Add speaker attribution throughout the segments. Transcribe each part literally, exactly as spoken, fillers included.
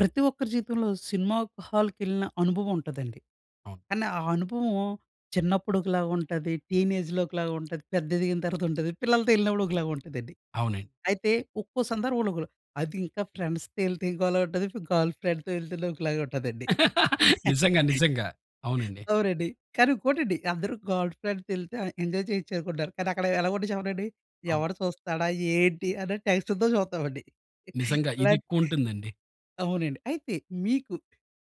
Speaker 1: ప్రతి ఒక్కరి జీవితంలో, సినిమా హాల్‌కెళ్ళిన అనుభవం ఉంటదండి.
Speaker 2: అవును.
Speaker 1: కానీ, ఆ అనుభవం చిన్నప్పుడు ఒకలాగా ఉంటది, టీనేజ్‌లో ఒకలాగా ఉంటది, పెద్ద ఎదిగిన తర్వాత ఉంటది, పిల్లలతో వెళ్ళినప్పుడు ఒకలాగా ఉంటదండి.
Speaker 2: అవునం
Speaker 1: అయితే, ఒక్కో సందర్భంలో ఒక్కోల. అది ఇంకా ఫ్రెండ్స్‌తో ఎళ్తే ఇంకోలా ఉంటది, గర్ల్ ఫ్రెండ్‌తొ ఎళ్తేనె ఒకలాగె ఉంటదండి.
Speaker 2: నిజంగా, నిజంగా. అవునండి.
Speaker 1: అవునండి. కానీ ఇంకోటండి అందరు గర్ల్ ఫ్రెండ్‌తో ఎళ్తే ఎంజాయ్ చేయచ్చు అనుకుంటున్నారు కానీ, అక్కడ ఎలా ఉంటది చెప్పనా అండి?
Speaker 2: అవును.
Speaker 1: ఎవడు చూస్తాడా, ఏంటి! అని టెన్షన్‌తో చూస్తామండి.
Speaker 2: నిజంగా. ఇది
Speaker 1: ఇలాంటి
Speaker 2: ఎక్కువుంటుందండి.
Speaker 1: అవునండి. అయితే, మీకు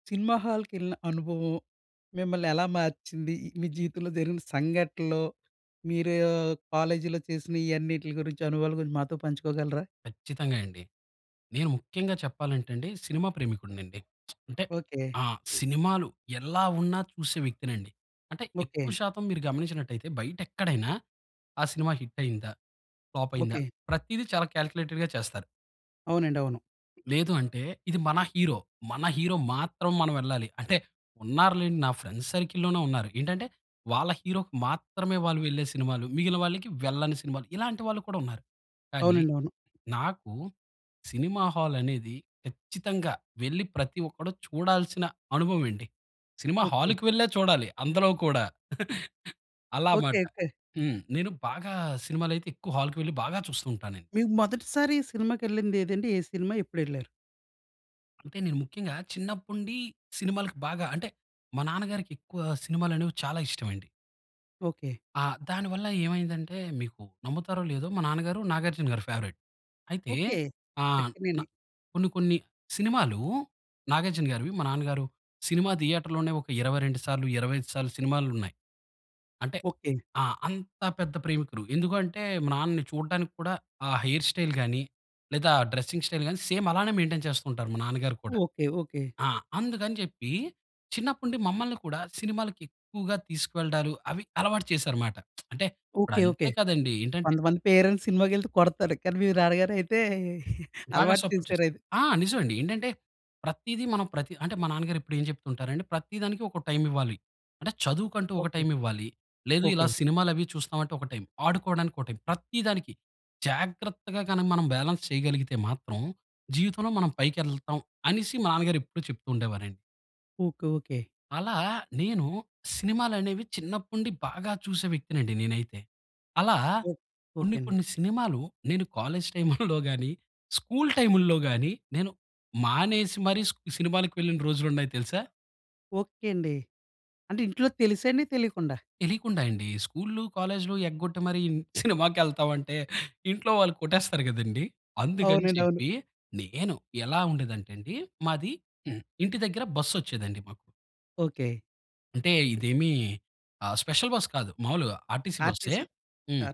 Speaker 1: సినిమా హాల్‌కెళ్ళిన అనుభవం మిమ్మల్ని ఎలా మార్చింది? మీ జీవితంలో జరిగిన సంఘటనలో, మీరో కాలేజీలో చేసిన ఈ అన్నిట్లి గురించి, అనుభవాలు గురించి మాతో పంచుకోగలరా?
Speaker 2: ఖచ్చితంగా అండి. నేను ముఖ్యంగా చెప్పాలంటేండి సినిమా ప్రేమికుడినండి. అంటే
Speaker 1: ఓకే.
Speaker 2: ఆ! సినిమాలు ఎల్లా ఉన్నా చూసే వ్యక్తినండి. అంటే ఎక్కువ
Speaker 1: ఓకే.
Speaker 2: శాతం మీరు గమనించినట్టయితే, బయట ఎక్కడైనా ఆ సినిమా హిట్ అయిందా? ఫ్లాప్ అయిందా?
Speaker 1: ఓకే.
Speaker 2: ప్రతీది చాలా కాల్కులేటెడ్‌గా చేస్తారు.
Speaker 1: అవునండి. అవును.
Speaker 2: లేదు అంటే, ఇది మన హీరో, మన హీరో మాత్రం మనం వెళ్ళాలి. అంటే, ఉన్నారు లేండి నా ఫ్రెండ్స్ సర్కిల్లోనే ఉన్నారు. ఏంటంటే, వాళ్ళ హీరోకి మాత్రమే వాళ్ళు వెళ్ళే సినిమాలు. మిగిలిన వాళ్ళకి వెళ్ళని సినిమాలు. ఇలాంటి వాళ్ళు కూడా ఉన్నారు. కానీ,
Speaker 1: అవునండి. అవును.
Speaker 2: నాకు సినిమా హాల్ అనేది, ఖచ్చితంగా వెళ్లి ప్రతి ఒక్కడు చూడాల్సిన అనుభవం అండి. Cinema
Speaker 1: okay.
Speaker 2: హాల్‌కు వెళ్లే చూడాలి. అందులో కూడా. అలా
Speaker 1: ఓకే.
Speaker 2: మాట.
Speaker 1: ఓకే.
Speaker 2: హ్మ్. నేను బాగా, సినిమాలు అయితే ఎక్కువ హాల్‌కి వెళ్లి బాగా చూస్తూంటాను.
Speaker 1: మీ మొదటిసారి సినిమాకెళ్ళింది ఏది అండి? ఏ సినిమా? ఎప్పుడేళ్లారు?
Speaker 2: అంటే నేను ముఖ్యంగా చిన్నప్పుండి సినిమాలకి బాగా, అంటే మా నాన్నగారికి ఎక్కువ సినిమాలు అనేవి చాలా ఇష్టం అండి.
Speaker 1: ఓకే.
Speaker 2: ఆ! దాని వల్ల ఏమైందంటే, మీకు నమ్ముతారో లేదో మా నాన్నగారు 'నాగార్జునగారి' ఫేవరైట్. అయితే
Speaker 1: ఓకే.
Speaker 2: ఆ! నా
Speaker 1: 'అక్కినేని'.
Speaker 2: కొన్ని, కొన్ని సినిమాలు 'నాగార్జునగారివి' మా నాన్నగారు సినిమా థియేటర్‌లోనే ఒక ఇరవై రెండు సార్లు, ఇరవై ఐదు సార్లు సినిమాలున్నాయి. అంటే
Speaker 1: ఓకే.
Speaker 2: ఆ! అంత పెద్ద ప్రేమికులు. ఎందుకు అంటే, మా నాన్నని చూడడానికి కూడా ఆ హెయిర్ స్టైల్ గానీ, లేదా డ్రెస్సింగ్ స్టైల్ గాని సేమ్ అలానే మెయిన్‌టేన్ చేస్తూ ఉంటారు, మా నాన్న గారు కూడా.
Speaker 1: ఓకే. ఓకే.
Speaker 2: ఆ! అందుకని చెప్పి చిన్నప్పటి నుండి మమ్మల్ని కూడా సినిమాలకి ఎక్కువగా తీసుకువెళ్లడాలు, అవి అలవాటు చేసారు మాట. అంటే ఇప్పుడు
Speaker 1: ఓకే. ఓకే.
Speaker 2: అంతే కదండీ ఏంటంటే
Speaker 1: కొంతమంది పేరెంట్స్ సినిమాకెళ్తే కొడతారు. కానీ మీరు నాన్నగారు అయితే
Speaker 2: బాగా
Speaker 1: అలవాటు
Speaker 2: సపోర్ట్
Speaker 1: చేసారు
Speaker 2: చేస్తారు.
Speaker 1: అది.
Speaker 2: ఆ! నిజం అండి. ఏంటంటే, ప్రతీది మనం ప్రతి అంటే మా నాన్న గారు ఎప్పుడు ఏం చెప్తూ ఉంటారు. అంటే, ప్రతి దానికి ఒక టైమ్ ఇవ్వాలి. అంటే చదువుకుంటూ ఒక
Speaker 1: ఓకే.
Speaker 2: టైమ్ ఇవ్వాలి. లేదు ఇలా
Speaker 1: ఓకే.
Speaker 2: సినిమాలు అవి చూస్తాం అంటే ఒక టైమ్. ఆడుకోవడానికి ఒక టైమ్. ప్రతి దానికి, జాగ్రత్తగా గనక మనం బాలన్స్ చేయగలిగితే మాత్రం, జీవితంలో మనం పైకెళ్తాం అనేసి మా నాన్నగారు ఎప్పుడు చెప్తూ ఉండేవారండి.
Speaker 1: ఓకె. ఓకె.
Speaker 2: అలా, నేను సినిమాలనేవి చిన్నప్పుండి బాగా చూసే వ్యక్తినండి, నేనైతే. అలా,
Speaker 1: ఒక్
Speaker 2: కొన్ని
Speaker 1: ఓకేండి.
Speaker 2: కొన్ని సినిమాలు, నేను కాలేజ్ టైముల్లో గాని, స్కూల్ టైముల్లో గాని, నేను మానేసి మరీ స్ సినిమాలకి వెళ్ళిన రోజులున్నాయి తెలుసా?
Speaker 1: ఓకె. అండి. అంటే, ఇంట్లో తెలిసేండి? తెలియకుండా?
Speaker 2: తెలియకుండా అండి. స్కూల్లు, కాలేజ్లు ఎగ్గొట్టి మరీ ఇన్ సినిమాకెళ్తావంటే, ఇంట్లో వాళ్ళు కొట్టేస్తారు కదండి, అందుకని
Speaker 1: అవునండీ. అవును.
Speaker 2: చెప్పి, నేను ఎలా ఉండేదంటే అండి, మాది హ్మ్, ఇంటి దగ్గర బస్సొచ్చేదండి మాకు.
Speaker 1: ఓకె.
Speaker 2: అంటే ఇదేమీ ఆహ్, స్పెషల్ బస్ కాదు. మామూలుగా ఆర్‌టిసీ బస్సే
Speaker 1: ఆర్‌టిసీ. తా
Speaker 2: హ్మ్.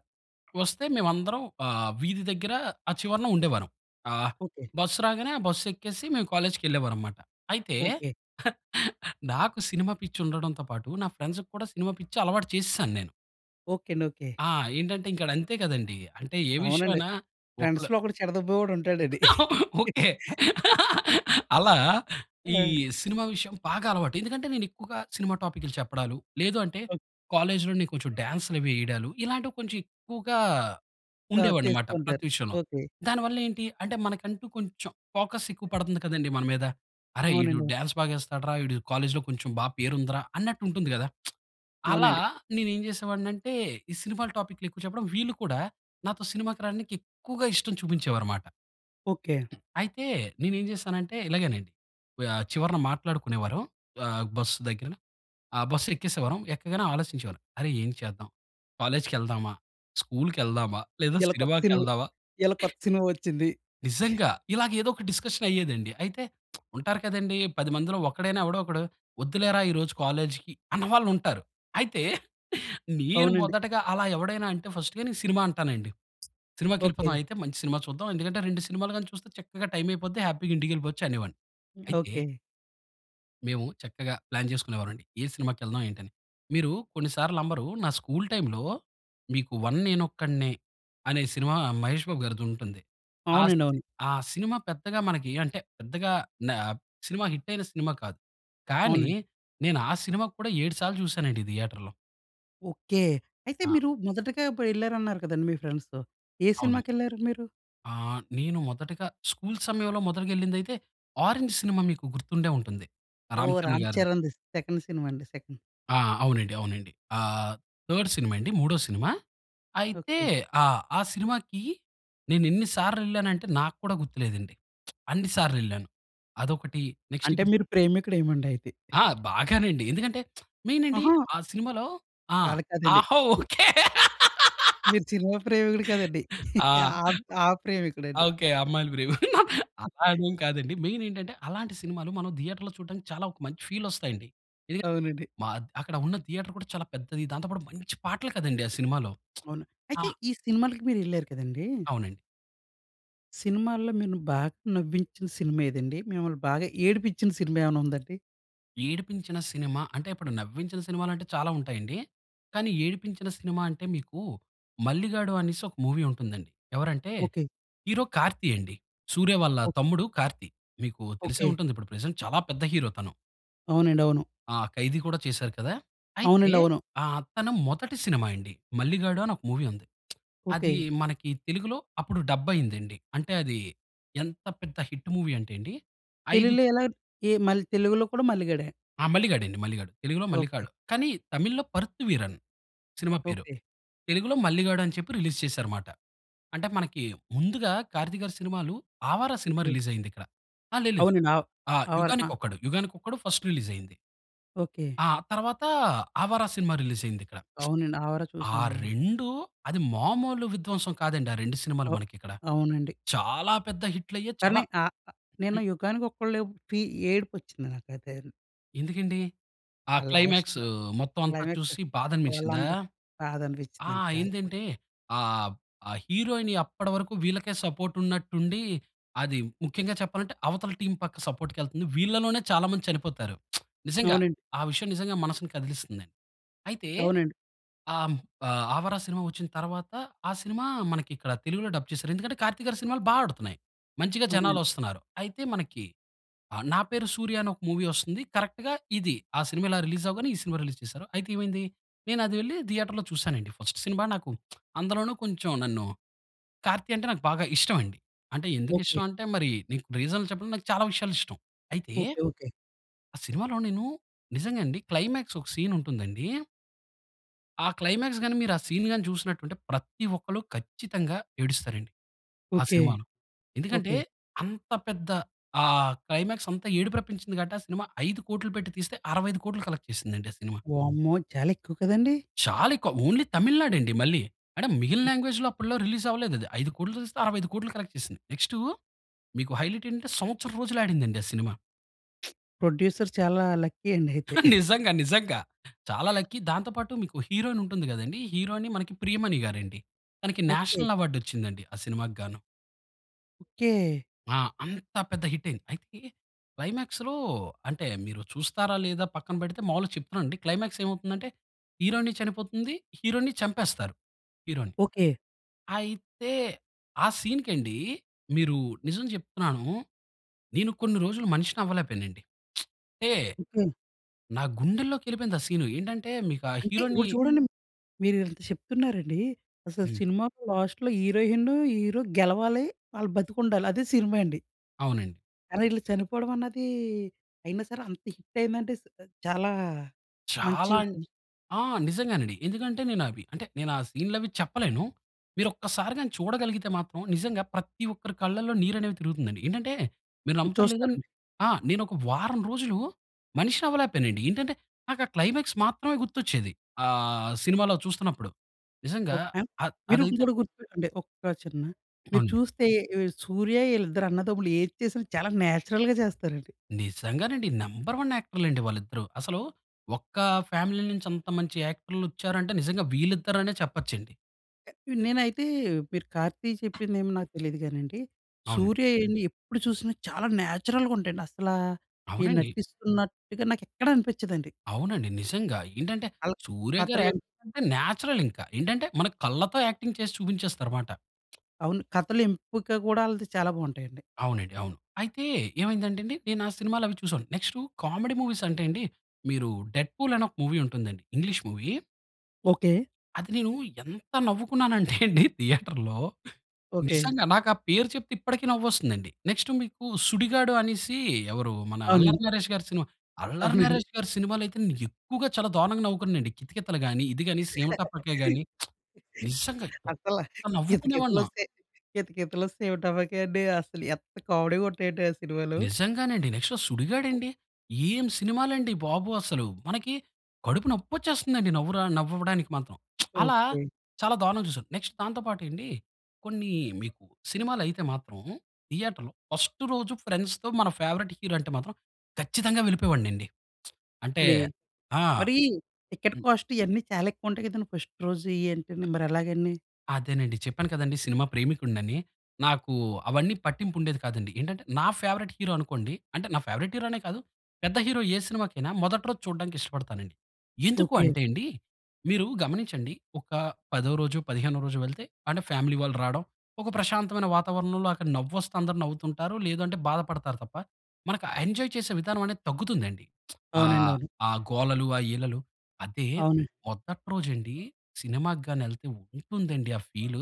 Speaker 2: వస్తే మేవందరం ఆహ్, వీధి దగ్గర, ఆ చివరన ఉండేవారం. ఆహ్,
Speaker 1: ఓకె.
Speaker 2: బస్సు రాగానే, ఆ బస్సెక్కేసి, మేము కాలేజ్‌కెళ్ళేవారం మాట. అయితే,
Speaker 1: ఓకె.
Speaker 2: నాకు సినిమా పిచ్చి ఉండడంతో పాటు, నా ఫ్రెండ్సు‌కి కూడా సినిమా పిచ్చి అలవాటు చేసేశాను నేను.
Speaker 1: ఓకె అండి. ఓకె.
Speaker 2: ఆ! ఏంటంటే ఇంక డ అంతేకదండీ! అంటే ఏ విషయం
Speaker 1: అవునండి.
Speaker 2: అయినా ఒకల
Speaker 1: ఫ్రెండ్స్‌లో ఒకడు చెడదొబ్బేవాడుంటాడండి.
Speaker 2: ఓకె. అలా, ఈ
Speaker 1: ఆ!
Speaker 2: సినిమా విషయం బాగా అలవాటు. ఎందుకంటే, నేనెక్కువగా సినిమా టాపిక్లు చెప్పడాలు, లేదు అంటే,
Speaker 1: ఒక్
Speaker 2: కాలేజ్‌లో నే కొంచెం డాన్స్‌లవీ ఏయడాలు, ఇలాంటివి కొంచెం ఎక్కువగా
Speaker 1: ఆ! చేస్తూ
Speaker 2: ఉండేవనమాట, ప్రతి
Speaker 1: ఉంటారు.
Speaker 2: విషయంలో.
Speaker 1: ఓకె.
Speaker 2: దాని వల్లేంటి? అంటే, మనకంటూ కొంచెం ఫోకస్ ఎక్కువ పడతంది కదండి, మన మీద. "అరే! ఈడు
Speaker 1: అవునండి. అవును.
Speaker 2: డాన్స్ బాగేస్తాడురా! ఈడు కాలేజ్లో కొంచెం బా పేరు ఉందిరా," అన్నట్టుంటుంది గదా! అలా
Speaker 1: అవునండి.
Speaker 2: నేనేం చేసేవాడినంటే, ఈ సినిమాల టాపిక్లెక్కువ చెప్పడం వీళ్ళు కూడా, నాతో సినిమాకి రాడానికి ఎక్కువగా ఇష్టం చూపించేవారు మాట.
Speaker 1: ఓకె.
Speaker 2: అయితే, నేనేం జేశానంటే, ఇలాగేనండి, వ్ ఆహ్, చివరన మాట్లాడుకునేవారం, ఆహ్, బస్సు దగ్గర. ఆహ్, బస్సెక్కేసేవారం. ఎక్కగానే ఆలోచించేవారం. అరే! ఏం చేద్దాం? కాలేజ్‌కెళ్దామా? స్కూల్‌కెళ్దామా? లేదా
Speaker 1: ఇయాల కొత్త సినిమా
Speaker 2: సినిమాకెళ్దావా?
Speaker 1: ఇయాల కొత్త సినిమా వచ్చింది.
Speaker 2: నిజంగా! ఇలాగ ఏదోక డిస్కషనయ్యేదండి. అయితే, ఉంటారు కదండీ, పది మందిలో ఒక్కడైనా, ఎవడో ఒకడు. "వద్దులేరా ఈరోజు కాలేజ్‌‌కి" అన్న వాళ్లుంటారు. అయితే, నీను
Speaker 1: అవునండి.
Speaker 2: మొదటగా అలా ఎవడైనా అంటే, ఫస్టే నే సినిమా అంటానండి. సినిమాకెళిపోదాం
Speaker 1: ఓకె.
Speaker 2: అయితే, మంచి సినిమా చూద్దాం. ఎందుకంటే, రెండు సినిమాలు గాని చూస్తే, చక్కగా టైం అయిపోద్ది. హ్యాపీగా ఇంటికెళిపోచ్చు అనేవాడిని. అయితే
Speaker 1: ఓకె.
Speaker 2: మేము చక్కగా ప్లాన్ చేసుకునే వాళ్ళం అండి. ఏ సినిమాకెళ్దాం? ఏంటి అని. మీరు కొన్ని సార్లు నమ్మరు. నా స్కూల్ టైమ్‌లో మీకు 'వన్ నేనొక్కడినే' అనే సినిమా 'మహేష్ బాబుగారిది' ఉంటుంది. ఆ
Speaker 1: అవునండి.
Speaker 2: సిని
Speaker 1: అవును.
Speaker 2: ఆ సినిమా పెద్దగా మనకి ఏం అంటే పెద్దగా న సినిమా హిట్ అయిన సినిమా కాదు. కానీ
Speaker 1: అవునండి.
Speaker 2: నేను ఆ సినిమా కూడా ఏడు సార్లు చూసానండి థియేటర్‌లో.
Speaker 1: ఓకే. అయితే
Speaker 2: ఆ!
Speaker 1: మీరు మొదటగా అప్పుడు వెళ్లారన్నారు కదా! అండి మీ ఫ్రెండ్స్‌తో. ఏ
Speaker 2: అవును.
Speaker 1: సినిమాకెళ్లారు మీరు?
Speaker 2: ఆ! నేను మొదటగా స్కూల్ సమయంలో మొదటిగా ఎళ్ళింది అయితే 'ఆరెంజ్' సినిమా మీకు గుర్తుండే ఉంటుంది
Speaker 1: ఓహ్!
Speaker 2: 'రా‌‌మ్‌చరణ్‌' గారిదె.
Speaker 1: 'రా‌మ్‌చరణ్‌‌ది' సెకండ్ సినిమా అండి. సెకండ్.
Speaker 2: ఆ! అవునండి. అవునండి. ఆహ్, థర్డ్ సినిమా అండి. మూడో సినిమా. అయితే
Speaker 1: ఓకే.
Speaker 2: ఆ! ఆ సినిమాకి నేను ఎన్ని సార్లు ఎళ్ళానంటే నాకు కూడా గుర్తు లేదండి. అన్ని సార్లు ఎళ్ళాను. అదొకటి నెక్స్ట్
Speaker 1: అంటే
Speaker 2: ఇప్పుడు
Speaker 1: మీరు ప్రేమికుడు ఏమోండి అయితే.
Speaker 2: ఆ! బాగానండి. ఎందుకంటే, మెయిన్ అండి.
Speaker 1: అహా!
Speaker 2: ఆ సినిమాలో ఆ!
Speaker 1: కా అలా కాదండి.
Speaker 2: ఆహా ఓకే.
Speaker 1: మీరు సినిమా ప్రేమికుడు కదండి.
Speaker 2: ఆ!
Speaker 1: ఆ, ఆ ప్రేమికుడండి.
Speaker 2: ఓకే. అమ్మాయిలు ప్రేమికుడు. అదేం కాదండి. మెయిన్ ఏంటంటే, అలాంటి సినిమాలు మనం థియేటర్‌లో చూడడానికి చాలా ఒక మంచి ఫీల్ వస్తాయండి. ఎందుకంటే,
Speaker 1: అవునండి.
Speaker 2: మ అక్కడ ఉన్న థియేటర్ కూడా చాలా పెద్దది. దాంతో పాటు మంచి పాటలు కదండి ఆ సినిమాలో.
Speaker 1: అవును. అయితే
Speaker 2: ఆ
Speaker 1: ఈ సినిమాలకి మీరు ఎళ్లారు కదండీ.
Speaker 2: అవునండి.
Speaker 1: సినిమాల్లో మిను బాగా నవ్వించిన సినిమా ఏదండి? మిమ్మల్ని బాగా ఏడిపించిన సినిమా ఏమైనా ఉందా అండి?
Speaker 2: ఏడిపించిన సినిమా అంటే, ఇప్పుడు నవ్వించిన సినిమాలు అంటే చాలా ఉంటాయండి. కానీ ఏడిపించిన సినిమా అంటే మీకు 'మల్లిగాడు' అనేసి ఒక మూవీ ఉంటుందండి. ఎవరంటే
Speaker 1: ఓకే.
Speaker 2: హీరో 'కార్తీ' అండి 'సూర్య' వాళ్ళ
Speaker 1: ఓ
Speaker 2: తమ్ముడు. 'కార్తీ' మీకు తెలిసే
Speaker 1: ఓకే.
Speaker 2: ఉంటుంది. ఇప్పుడు ప్రెజెంట్ చాలా పెద్ద హీరో తను.
Speaker 1: అవునండి. అవును.
Speaker 2: ఆ! 'ఖైదీ' కూడా చేసారు కదా! అయితే
Speaker 1: అవునండి. అవును.
Speaker 2: ఆహ్, తను మొదటి సినిమా అండి. 'మల్లిగాడు' అని ఒక మూవీ ఉంది. అది
Speaker 1: ఓకే.
Speaker 2: మనకి తెలుగులో అప్పుడు డబ్బైయిందండి. అంటే అది ఎంత పెద్ద హిట్ మూవీ అంటే అండి, ఐదు
Speaker 1: తెలుగులో ఎలా? ఏ మళ్ళీ తెలుగులో కూడా 'మల్లిగాడే'.
Speaker 2: ఆ! 'మల్లిగాడండీ'. 'మల్లిగాడు'. తెలుగులో
Speaker 1: ఓకే.
Speaker 2: 'మల్లిగాడు' కానీ తమిళ్‌లో 'పర్త్ వీరన్' సినిమా పేరు.
Speaker 1: ఓకే.
Speaker 2: తెలుగులో 'మల్లిగాడని' చెప్పి రిలీజ్ చేసారన్నమాట. అంటే మనకి ముందుగా 'కార్తీక్‌గారి' సినిమాలు 'ఆవారా' సినిమా
Speaker 1: ఓకే.
Speaker 2: రిలీజైయిందిక్కడ. ఆ! లేదు. లేదు.
Speaker 1: అవునండి. అవ్
Speaker 2: ఆ!
Speaker 1: 'ఆవారా'
Speaker 2: 'యుగానికి
Speaker 1: అహా!
Speaker 2: ఒక్కడు', 'యుగానికొక్కడు' ఫస్ట్ రిలీజైయింది.
Speaker 1: ఓకే.
Speaker 2: ఆ! తర్వాత 'ఆవారా' సినిమా రిలీజ్ అయిందిక్కడ.
Speaker 1: అవునండి 'ఆవారా'
Speaker 2: ఆ
Speaker 1: చూసానండి.
Speaker 2: రెండూ అది మామూలు విధ్వంసం కాదండి. ఆ రెండు సినిమాలు
Speaker 1: అ
Speaker 2: మనకిక్కడ.
Speaker 1: అవునండి.
Speaker 2: చాలా పెద్ద హిట్లయ్యేయి చాలా
Speaker 1: కానీ ఆ నేను 'యుగానికి ఒక్కడులో' ఫీ ఏడుపొచ్చింది నాకైతే.
Speaker 2: ఎందుకండి? ఆ
Speaker 1: ఆ
Speaker 2: క్లైమాక్సూ
Speaker 1: లాస్ట్‌లో
Speaker 2: మొత్తం అంతా
Speaker 1: క్లైమాక్స్
Speaker 2: చూసి, బాధ అనిపించిందా?
Speaker 1: వాళ్ళందరు బాధ
Speaker 2: ఆ!
Speaker 1: అనిపించిందండి చాలా.
Speaker 2: ఏందంటే ఆహ్, ఆ హీరోయిన్ అప్పటి వరకు వీళ్ళకే సపోర్ట్ ఉన్నట్టుండి, అది ముఖ్యంగా చెప్పాలంటే, అవతల టీమ్ పక్క సపోర్ట్‌కి ఎళ్తుంది. వీళ్ళలోనే చాలా మంది చనిపోతారు. నిజంగా,
Speaker 1: అవునండి.
Speaker 2: ఆ విషయం నిజంగా మనసుని కదిలిస్తుంది. అయితే
Speaker 1: అవునండి.
Speaker 2: ఆహ్, ఆ 'ఆవరా' సినిమా వచ్చిన తర్వాత, ఆ సినిమా మనకి ఇక్కడ తెలుగులో డబ్ చేసారు. ఎందుకంటే 'కార్తీక్' గారి సినిమాలు బా ఆడుతున్నాయి. మంచిగా జనాలు
Speaker 1: అవునండి.
Speaker 2: వస్తున్నారు. అయితే మనకి ఆహ్, 'నా పేరు సూర్య' అనే ఒక మూవీ వస్తుంది. కరెక్ట్‌గా ఇది ఆ సినిమా ఇలా రిలీజ్ అవ్వగానే ఈ సినిమా రిలీజ్ చేశారు. అయితే ఏమైంది, నేను అది వెళ్లి థియేటర్‌లో చూసానండి ఫస్ట్ సినిమా నాకు. అందులోను కొంచెం నన్ను 'కార్తీ' అంటే నాకు బాగా ఇష్టం అండి. అంటే ఎందుకు
Speaker 1: ఓకే.
Speaker 2: ఇష్టం అంటే, మరి నీకు రీజన్ చెప్పడం నాకు చాలా విషయాలు ఇష్టం. అయితే
Speaker 1: ఓకే. ఓకే.
Speaker 2: ఆ సినిమాలో నేను నిజంగా అండి, క్లైమాక్సూ ఒక సీన్ ఉంటుందండి ఆ క్లైమాక్స్ గాని, మీరు ఆ సీన్ గాని, చూసినట్టుంటే ప్రతి ఒక్కరు ఖచ్చితంగా ఏడుస్తారు అండి, ఆ
Speaker 1: ఓకే.
Speaker 2: సినిమాలో. ఎందుకంటే
Speaker 1: ఓకే.
Speaker 2: అంత పెద్ద ఆహ్, క్లైమాక్స్ అంత ఏడుపురప్పించింది కాబట్టి, ఆ సినిమా ఐదు కోట్లు పెట్టి తీస్తే అరవై ఐదు కోట్లు కలెక్ట్ చేసిందండి, ఆ సినిమా.
Speaker 1: వామ్మో! చాలా ఎక్కువ కదండీ!
Speaker 2: చాలా ఎక్కువ. ఓన్లీ తమిళనాడు అండి మళ్ళీ. అంటే మిగిలిన లాంగ్వేజ్‌లో అప్పట్లో రిలీజ్ అవ్వలేదు అది. ఐదు కోట్లు తీస్తే అరవై ఐదు కోట్లు కలెక్ట్ చేసింది. నెక్స్‌టూ మీకు హైలైట్ ఏంటంటే, సంవత్సరం రోజులు ఆడిందండి ఆ సినిమా.
Speaker 1: ప్రొడ్యూసర్ చాలా లక్కీ అండి అయితే.
Speaker 2: నిజంగా. నిజంగా. చాలా లక్కీ దాంతో పాటు మీకు హీరోయిన్ ఉంటుంది కదండీ. హీరోయిన్ ప్రియమణిగారండీ తనకి
Speaker 1: ఓకే.
Speaker 2: నేషనల్ అవార్డ్ వచ్చింది అండి ఆ సినిమాకిగాను.
Speaker 1: ఓకే!
Speaker 2: ఆ! అంత పెద్ద హిట్ అయింది. అయితే క్లైమాక్స్‌లో అంటే మీరు చూస్తారా? లేదా పక్కన పెడితే, మాములుగా చెప్తున్నా అండి. క్లైమాక్స్ ఏమవుతుంది అంటే హీరోయిన్ చనిపోతుంది. హీరోని చంపేస్తారు హీరోని.
Speaker 1: ఓకే.
Speaker 2: అయితే ఆ సీన్‌కి అండి మీరు నిజం చెప్తున్నాను. నేను కొన్ని రోజులు మనిషిని అవ్వలేక పోయానండి. అంటే
Speaker 1: ఓకే.
Speaker 2: నా గుండెల్లోకి వెళ్ళిపోయింది. ఆ సీన్ ఏంటంటే, మీకు ఆ!
Speaker 1: అంటే
Speaker 2: హీరోని
Speaker 1: ఇప్పుడు చూడండి. మీరు ఇంత చెప్తున్నారండి. అసలు
Speaker 2: హ్మ్.
Speaker 1: సినిమా లాస్ట్‌లో హీరోయిన్, హీరో గెలవాలి ఆళ్ళు బతికుండాలి అదే సినిమా అండి...
Speaker 2: అవునండి.
Speaker 1: అరె ఈళ్ళు చనిపోవడం అన్నది, అయినా సరే అంత హిట్ అయిందంటే చాలా మంచి
Speaker 2: చాలా అం
Speaker 1: సినిమా.
Speaker 2: ఆ! నిజంగానండి. ఎందుకంటే, నేను అవి అంటే నేను ఆ సీన్‌లు అవి చెప్పలేను. మీరు ఒక్కసారి గాని చూడగలిగితే మాత్రం నిజంగా ప్రతి ఒక్కరి కళ్ళలో నీరు అనేవి తిరుగుతుంది. ఏంటంటే, మీరు నమ్ముతారో? లేదో
Speaker 1: చూస్తానండి.
Speaker 2: ఆ! నేను ఒక వారం రోజులు మనిషిని అవ్వలేక పోయానండి. ఏంటంటే, నాకు ఆ క్లైమాక్స్ మాత్రమే గుర్తు వచ్చేది ఆహ్, సినిమాలో చూస్తున్నప్పుడు. నిజంగా
Speaker 1: ఓకే. అం
Speaker 2: అద్
Speaker 1: మీరు
Speaker 2: అది అయితే
Speaker 1: ఇంకోటి గుర్తుపె ఒక చిన్న మీరు
Speaker 2: అవునండి.
Speaker 1: చూస్తే సూర్య వీళ్ళిద్దరూ అన్నదమ్ములు ఏది చేసినా చాలా నేచురల్‌గా చేస్తారండి.
Speaker 2: నిజంగానండి. నెంబర్ వన్ యాక్టర్‌లండి వాళ్ళిద్దరూ. అసలు ఒక్క ఫ్యామిలీ నుంచి అంత మంచి యాక్టర్లొచ్చారంటే నిజంగా వీళ్ళిద్దరనే చెప్పొచ్చండి.
Speaker 1: నేనైతే మీరు కార్తీ చెప్పిందేమో నాకు తెలియదు గానండి.
Speaker 2: అవును.
Speaker 1: సూర్య ఏన్ని ఎప్పుడు చూసినా చాలా నేచురల్‌‌గా ఉంటాయండి. అసలా, ఈ
Speaker 2: అవునండి.
Speaker 1: నటిస్తున్నట్టుగా నాకు ఎక్కడ అనిపించదండి.
Speaker 2: అవునండి. నిజంగా. ఏంటంటే,
Speaker 1: అలా
Speaker 2: 'సూర్యగారు'
Speaker 1: కథలు
Speaker 2: యాక్టింగ్
Speaker 1: ఎం
Speaker 2: అంటే న్యాచురల్ ఇంకా. ఏంటంటే, మన కళ్ళతో యాక్టింగ్ చేసి చూపించేస్తారుమాట.
Speaker 1: అవును. కథలు ఎంపిక కూడా వాళ్ళది చాలా బావుంటాయండి.
Speaker 2: అవునండి. అవును. అయితే, ఏమైంది అంటే అండి. నేను ఆ సినిమాలు అవి చూసాను. నెక్స్టు కామెడీ మూవీస్ అంటే అండి. మీరు 'డెడ్‌ఫుల్' అని ఒక్క మూవీ వుంటుంది అండి. English movie...
Speaker 1: okay.
Speaker 2: అది నేను ఎంత నవ్వుకున్నాను అంటే అండి థియేటర్‌లో.
Speaker 1: ఓకే.
Speaker 2: నిజంగా నాకు ఆ పేరు చెప్తే ఇప్పటికి నవ్వు వస్తుంది అండి. నెక్స్ట్ మీకు 'సుడిగాడు' అనేసి ఎవరు, మన
Speaker 1: అవునండి.
Speaker 2: అల్లరి నరేష్‌గారి సినిమా. అల్లరి
Speaker 1: అవునండి.
Speaker 2: నరేష్‌గారి సినిమాలు అయితే నేను ఎక్కువగా చాలా దారుణంగా నవ్వుకున్నాను అండి. 'కితకితలు' గాని, ఇది గాని 'సీమటపాకాయ' గాని. నిజంగా ఎంత
Speaker 1: అసల 'కితకితలు'
Speaker 2: నవ్వుకునేవాడినో.
Speaker 1: వస్తే? 'కితకితలు', 'సీమటపాకాయ' అండి అసలు ఎంత కామెడీ వుంటయంటే ఆ సినిమాలు.
Speaker 2: నిజంగానండి. నెక్స్ట్ ఆ 'సుడిగాడు' అండి. ఏం సినిమాలండి బాబు అసలు. మనకి కడుపు నొప్పి వచ్చేస్తుంది అండి. నవరా నవ్వడానికి మాత్రం. అలా
Speaker 1: ఓకే.
Speaker 2: చాలా దారుణంగా చూసాను. నెక్స్ట్ దాంతో పాటు ఎండి. కొన్ని మీకు సినిమాలు అయితే మాత్రం. థియేటర్‌లో ఫస్స్టు రోజు ఫ్రెండ్స్‌తో మన ఫేవరైట్ హీరో అంటే మాత్రం ఖచ్చితంగా వెళ్ళిపోయేవాడిని అండి. అంటే
Speaker 1: నీ
Speaker 2: ఆ!
Speaker 1: మరీ టికెట్ కాస్ట్ ఇయన్నీ చాలా ఎక్కువుంటాయి కదండి ఫస్ట్ రోజు. ఏంటని మరి ఎలాగండి?
Speaker 2: అదేనండి. చెప్పాను కదండీ సినిమా ప్రేమికుడినని. నాకూ, అవన్నీ పట్టింపు ఉండేది కాదండి. ఏంటంటే, నా ఫేవరైట్ హీరో అనుకోండి అంటే నా ఫేవరైట్ హీరో అనే కాదు, పెద్ద హీరో ఏ సినిమాకైనా, మొదటి రోజు చూడడానికి ఇష్టపడతానండి.
Speaker 1: ఓకె.
Speaker 2: ఎందుకంటేండి, మీరు గమనించండి ఒక పదో రోజు, పదిహేనో రోజు వెళ్తే, అంటే ఫ్యామిలీ వాళ్ళు రావడం, ఒక ప్రశాంతమైన వాతావరణంలో అక్కడ నవ్వు వస్తే అందరు నవ్వుతుంటారు, లేదంటే, బాధ పడతారు తప్ప, మనకు ఆ ఎంజాయ్ చేసే విధానం అనేది తగ్గుతుందండి.
Speaker 1: అవునండి.
Speaker 2: ఆహ్,
Speaker 1: అవును.
Speaker 2: ఆ గోలలు, ఆ ఈలలు. అదే
Speaker 1: అవునండి.
Speaker 2: మొదటి రోజండి, సినిమాకి గాని ఎళ్తే ఉంటుందండి ఆ ఫీలు,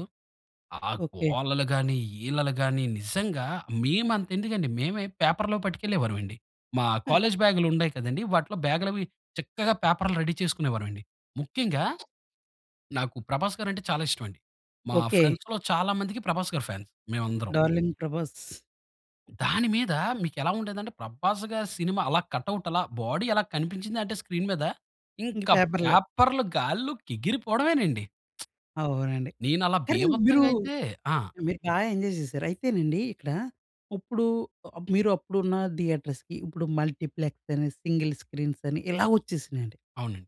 Speaker 2: ఆ
Speaker 1: ఓకె.
Speaker 2: గోలలు గాని, ఈలలు గాని నిజంగా మేము అంత ఎందుకండి, మేమే పేపర్‌‌లో పట్టుకెళ్ళేవారమండి. మా కాలేజ్ బ్యాగ్‌లు ఉండాయి కదండీ! వాటిలో బ్యాగ్‌లవి చక్కగా పేపర్‌లు రెడీ చేసుకునేవారమండి. ముఖ్యంగా, నాకు ప్రభాస్ గారు అంటే చాలా ఇష్టం అండి. మా
Speaker 1: ఓకె.
Speaker 2: ఫ్రెండ్స్‌లొ చాలా మందికి ప్రభాస్ గారు ఫాన్స్. మేము అందరం.
Speaker 1: డార్లింగ్ ప్రభాస్.
Speaker 2: దాని మీద, మీకు ఎలా ఉండేది అంటే, ప్రభాస్ గారి సినిమా అలా, కట్అవుట్ అలా, బాడీ అలా కనిపించింది అంటే, స్క్రీన్ మీద.
Speaker 1: ఇంక
Speaker 2: ఇంకా
Speaker 1: పేపర్‌లే.
Speaker 2: పేపర్‌లు గాల్లోకి ఎగిరి పోవడమేనండి.
Speaker 1: అవునండి.
Speaker 2: నేను అలా
Speaker 1: కానీ మీరు,
Speaker 2: బీభత్సంగా అయితే ఆ!
Speaker 1: మీరు బాగా ఎంజాయ్ చేశారు. అయితేనండి ఇక్కడ, ఉప్పుడు ఆహ్, మీరు అప్పుడున్న థియేటర్స్‌కి, ఇప్పుడు మల్టీప్లెక్స్ అని, సింగిల్ స్క్రీన్స్ అని ఇలా వచ్చేసినాయండి...
Speaker 2: అవునండి.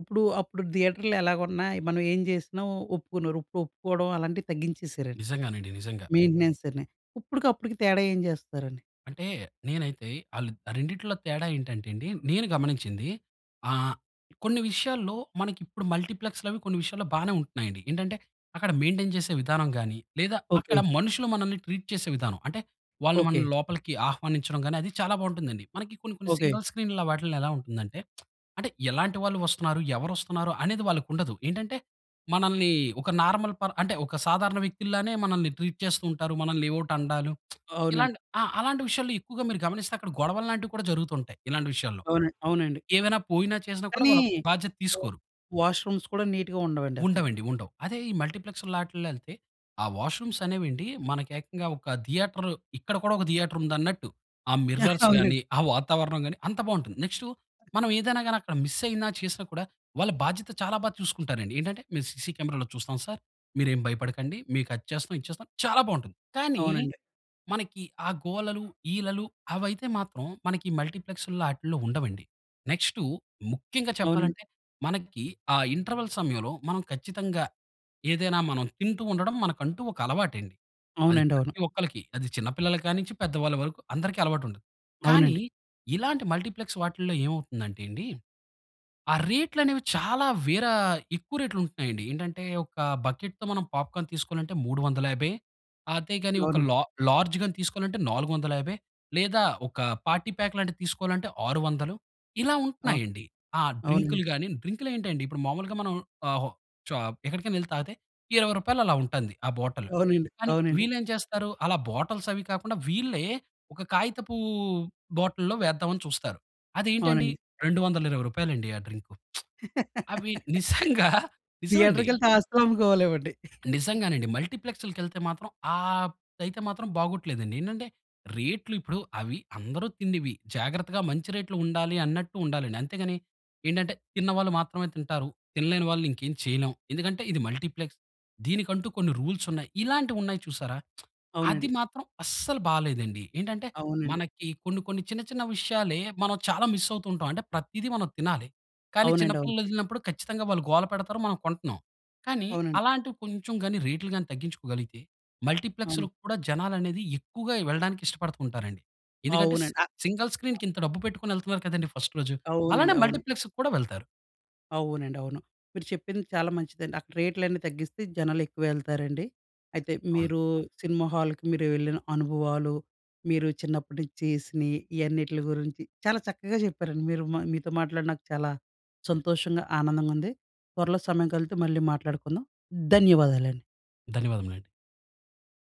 Speaker 1: ఇప్పుడు, అప్పుడు థియేటర్‌లో ఎలాగున్నా, మనం ఏం చేసినా, ఒప్పుకున్నారు. ఇప్పుడు ఒప్పుకోవడం అలాంటివి తగ్గించేసారండి.
Speaker 2: నిజంగానండి, నిజంగా.
Speaker 1: మెయింటెనెన్స్ అని, ఇప్పుడికి అప్పుడుకి తేడా ఏం చేస్తారండి?
Speaker 2: అంటే, నేనైతే అలీద్ ఆ రెండిటిలో తేడా ఏంటంటే అండి, నేను గమనించింది. ఆహ్, కొన్ని విషయాల్లో, మనకి ఇప్పుడు మల్టీప్లెక్స్‌లవి కొన్ని విషయాల్లో బానే ఉంటున్నాయండి. ఏంటంటే, అక్కడ మెయిన్‌టేన్ చేసే విధానం గానీ, లేదా అక్కడ
Speaker 1: ఓకె.
Speaker 2: మనుషులు మనల్ని ట్రీట్ చేసే విధానం. అంటే, వాళ్ళు
Speaker 1: ఓకె.
Speaker 2: మనల్ని లోపలికి ఆహ్వానించడం గానీ, అది చాలా బావుంటుందండి. మనకి కొన్ని, కొన్ని
Speaker 1: ఓకె.
Speaker 2: సింగిల్ స్క్రీన్‌లో వాటిలో ఎలా ఉంటుందంటే, అంటే ఎలాంటి వాళ్ళు వస్తున్నారు? ఎవరు వస్తున్నారు? అనేది వాళ్ళకి ఉండదు. ఏంటంటే, మనల్ని ఒక నార్మల్ పర్ అంటే ఒక సాధారణ వ్యక్తిల్లానే మనల్ని ట్రీట్ చేస్తూ ఉంటారు. మనల్ని ఎవోటి అండాలు,
Speaker 1: అవునండి.
Speaker 2: ఇలాంటి ఆ! అలాంటి విషయాల్లో ఎక్కువగా మీరు గమనిస్తే, అక్కడ గొడవల్లాంటివి కూడా జరుగుతూ ఉంటాయి. ఇలాంటి విషయాల్లో.
Speaker 1: అవును. అవునండి.
Speaker 2: ఏమైనా పోయినా, చేసినా కూడా
Speaker 1: కానీ,
Speaker 2: వాళ్ళ బాధ్యత
Speaker 1: వ
Speaker 2: తీసుకోరు.
Speaker 1: వాష్రూమ్స్ కూడా నీట్‌గా ఉండవండి అసల.
Speaker 2: ఉండవండి, ఉండవు. అదే ఈ మల్టీప్లెక్స్ లాట్లో ఎళ్తే, ఆ వాష్‌రూమ్స్ అనేవండి మనకు ఏకంగా ఒక థియేటర్ ఇక్కడ కూడా ఒక థియేటర్ ఉందన్నట్టు ఆ మిర్రర్స్
Speaker 1: అవునండి.
Speaker 2: గాని, ఆ వాతావరణం గాని అంత బావుంటుంది. నెక్స్టు మనం ఏదైనా గానీ అక్కడ మిస్ అయినా, చేసినా కూడా వాళ్ళ బాధ్యత చాలా బా చూసుకుంటారండి. ఏంటంటే, మీరు సీసీ కెమెరాలో చూస్తాం సార్, మీరేం భయపడకండి, మీకు అది చేస్తాం, ఇది చేస్తాం చాలా బావుంటుంది. కానీ,
Speaker 1: అవునండి.
Speaker 2: మనకి ఆ గోలలు, ఈలలు అవి అయితే మాత్రం మనకి మల్టీప్లెక్స్‌ల్లో ఆటిల్లో ఉండవండి. నెక్స్టు ముఖ్యంగా
Speaker 1: అవునండి.
Speaker 2: చెప్పాలంటే, మనకి ఆ ఇంటర్వల్ సమయంలో మనం ఖచ్చితంగా, ఏదైనా మనం తింటూ ఉండడం, మనకంటూ ఒక అలవాటండి. అది
Speaker 1: అవునండి. అవును.
Speaker 2: ప్రతి ఒక్కళ్లకి, అది చిన్న పిల్లల కానించి, పెద్ద వాళ్ళ వరకు అందరికీ అలవాటుంటది. కానీ,
Speaker 1: అవునండి.
Speaker 2: ఇలాంటి మల్టీప్లెక్స్ వాటిల్లో ఏమవుతుందంటే అండి, ఆ రేట్లు అనేవి, చాలా వీరా ఎక్కువ రేట్లు ఉంటున్నాయండి. ఏంటంటే, ఒక బకెట్‌తో మనం పాప్‌కార్న్ తీసుకోవాలంటే, మూడు వందల యాభై. అదేగాని ఒక
Speaker 1: అవును.
Speaker 2: లా లార్జ్ తీసుకోవాలంటే నాలుగు వందల యాభై లేదా ఒక పార్టీ ప్యాక్ లాంటిది తీసుకోవాలంటే, ఆరు వందలు ఇలా
Speaker 1: అవును.
Speaker 2: ఉంటున్నాయండి. ఆ!
Speaker 1: అవునండి.
Speaker 2: డ్రింకులు గానీ డ్రింకులు ఏంటండి, ఇప్పుడు మామూలుగా మనం ఆహ్, హొ షా ఎక్కడికైనా ఎళ్ళి తాగితే, ఇరవై రూపాయలు అలా ఉంటాంది ఆ బాటిల్.
Speaker 1: అవునండి.
Speaker 2: కానీ
Speaker 1: అవునండి.
Speaker 2: వీళ్ళు ఏమి చేస్తారు అలా బాటిల్స్ అవి కాకుండా, వీళ్ళే ఒక కాగితపు బాటిల్‌లో వేద్దాం అని చూస్తారు. అది ఏంటండి,
Speaker 1: అవునండి.
Speaker 2: రెండు వందల ఇరవై రూపాయలు అండి ఆ డ్రింకు. అవి నిజంగా నిజం అండి.
Speaker 1: థియేటర్‌కెళ్తే, ఆస్తులు అమ్ముకోవాలి ఏమండి.
Speaker 2: నిజంగానండి మల్టీప్లెక్స్‌కెళ్తే మాత్రం ఆహ్, అయితే మాత్రం బాగోట్లేదండి. ఏంటంటే, రేట్లు ఇప్పుడు అవి అందరూ తిండివి, జాగ్రత్తగా మంచి రేట్లు ఉండాలి అన్నట్టు ఉండాలండి. అంతేగాని, ఏంటంటే తిన్న వాళ్ళు మాత్రమే తింటారు, తినలేని వాళ్ళని ఇంకేం చేయలేం. ఎందుకంటే, ఇది మల్టీప్లెక్స్. దీనికంటూ కొన్ని రూల్స్ ఉన్నాయి. ఇలాంటివున్నాయి చూసారా! అది
Speaker 1: అవునండి.
Speaker 2: మాత్రం అస్సలు బాలేదండి. ఏంటంటే,
Speaker 1: అవునండి.
Speaker 2: మనకి కొన్ని, కొన్ని చిన్న, చిన్న విషయాలే మనం చాలా మిస్ అవుతూ ఉంటాం. అంటే ప్రతీదీ మనం తినాలి. కానీ, చిన్న
Speaker 1: అవునండి. అవును.
Speaker 2: పిల్లలు వదిలినప్పుడు ఖచ్చితంగా వాళ్ళు గోల పెడతారు, మనం కొంటున్నాం. కానీ,
Speaker 1: అవునండి.
Speaker 2: అలాంటివి కొంచెం గాని రేట్లు గాని తగ్గించుకోగలిగితే, మల్టీప్లెక్స్‌లో
Speaker 1: అవును.
Speaker 2: కూడా, జనాలు అనేది ఎక్కువగా వెళ్ళడానికి ఇష్టపడుతూ ఉంటారండి. ఎందుకంటే సి
Speaker 1: అవునండి. అ అ
Speaker 2: సింగిల్ స్క్రీన్‌కి ఇంత డబ్బు పెట్టుకొని ఎళ్తున్నారు కదండీ ఫస్ట్ రోజు, అలానే
Speaker 1: అవునండి. అవును.
Speaker 2: మల్టీప్లెక్స్‌కి కూడా వెళ్తారు.
Speaker 1: అవునండి. అవును. మీరు చెప్పింది చాలా మంచిదండి. అక్కడ రేట్లన్నీ తగ్గిస్తే, జనాలు ఎక్కువెళ్తారండి. అయితే
Speaker 2: అవును.
Speaker 1: మీరూ, సినిమా హాల్‌కి మీరు వెళ్ళిన అనుభవాలు, మీరు చిన్నప్పటి నుంచి చేసిని, ఇయన్నిట్ల గురించి చాలా చక్కగా చెప్పారండి. మీరు మీతో మాట్లాడి నాకు చాలా సంతోషంగా, ఆనందంగా ఉంది. త్వరలో సమయం కలిపితే, మళ్ళీ మాట్లాడుకుందాం. ధన్యవాదాలండి.
Speaker 2: ధన్యవాదములండి.